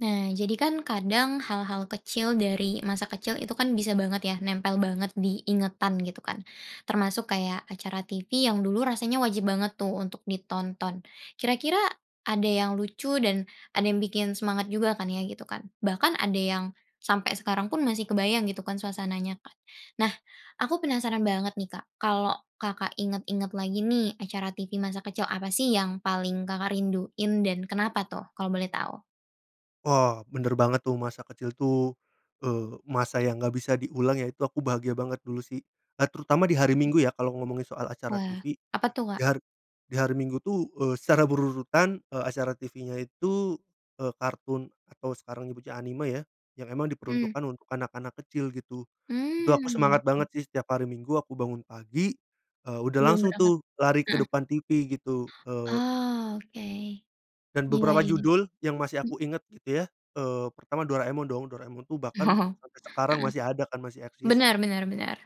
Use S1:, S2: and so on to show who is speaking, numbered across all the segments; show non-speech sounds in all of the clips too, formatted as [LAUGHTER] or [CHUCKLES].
S1: Nah, jadi kan kadang, hal-hal kecil dari masa kecil itu kan bisa banget ya, nempel banget di ingatan, gitu kan. Termasuk kayak acara tivi yang dulu rasanya wajib banget tuh, untuk ditonton. Kira-kira ada yang lucu dan ada yang bikin semangat juga kan, ya, gitu kan? Bahkan ada yang sampai sekarang pun masih kebayang, gitu kan, suasananya. Nah, aku penasaran banget nih, Kak. Kalau Kakak inget-inget lagi nih, acara tivi masa kecil apa sih, yang paling Kakak rinduin, dan kenapa tuh, kalau boleh tahu?
S2: Wah, bener banget, tuh. Masa kecil tuh, eee, masa yang nggak bisa diulang, ya. Itu aku bahagia banget, dulu sih. Eee, terutama di hari Minggu ya, kalau ngomongin soal acara
S1: Wah,
S2: tivi.
S1: apa tuh,
S2: Di
S1: Kak?
S2: har di hari Minggu tuh, eee, secara berurutan, eee, acara tivinya itu, eee, kartun atau sekarang dibaca anime ya, yang emang
S1: Mmm.
S2: diperuntukkan untuk anak-anak kecil, gitu. Itu aku
S1: Mmm,
S2: semangat
S1: oke.
S2: banget sih, setiap hari Minggu, aku bangun pagi, eee, udah
S1: Sebelum
S2: langsung
S1: berangkat
S2: tuh, lari ke
S1: heeh.
S2: depan tivi, gitu. Eee
S1: Oh, oke.
S2: Dan
S1: Iya
S2: beberapa
S1: iya.
S2: judul yang masih
S1: Mh
S2: aku inget, gitu ya, eee, pertama, Doraemon dong. Doraemon tuh bahkan
S1: Oh.
S2: sampai sekarang
S1: Heeh.
S2: masih ada, kan, masih eksis.
S1: Benar benar benar,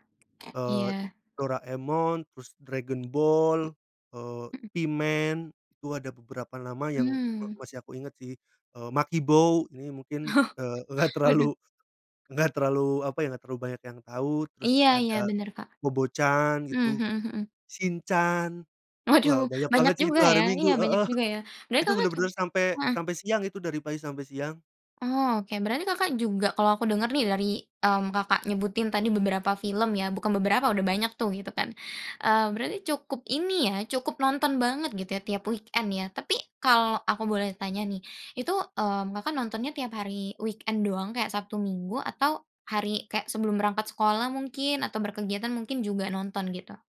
S2: Eee,
S1: iya.
S2: Doraemon, terus Dragon Ball, eee,
S1: Mhm.
S2: P-Man, itu ada beberapa nama yang me
S1: Mmm.
S2: masih aku inget, sih. Eee, Makibao, ini mungkin,
S1: Oh.
S2: eee, nggak
S1: Waduh.
S2: terlalu nggak terlalu, apa ya, nggak terlalu banyak yang tahu. Terus
S1: Iya iya,
S2: ada
S1: benar, Kak.
S2: Kobo Chan,
S1: Mmm,
S2: gitu,
S1: mhm mhm.
S2: Shinchan.
S1: Waduh,
S2: Wah, banyak banget
S1: banyak
S2: sih itu,
S1: juga,
S2: hari
S1: ya.
S2: Minggu
S1: Iya, banyak
S2: heeh. [CHUCKLES]
S1: juga, ya. Berarti
S2: Itu
S1: Kakak ju
S2: bener-bener sampai
S1: heeh.
S2: sampai siang itu, dari pagi sampai siang.
S1: Oh, oke. Berarti Kakak juga kalau aku denger nih, dari, mmm, Kakak nyebutin tadi beberapa film, ya. Bukan beberapa, udah banyak tuh, gitu kan. Eee, berarti cukup ini ya, cukup nonton banget, gitu ya, tiap weekend, ya. Tapi, kalau aku boleh tanya, nih. Itu, mmm, Kakak nontonnya tiap hari weekend doang, kayak Sabtu Minggu, atau hari kayak sebelum berangkat sekolah, mungkin, atau berkegiatan mungkin juga nonton, gitu?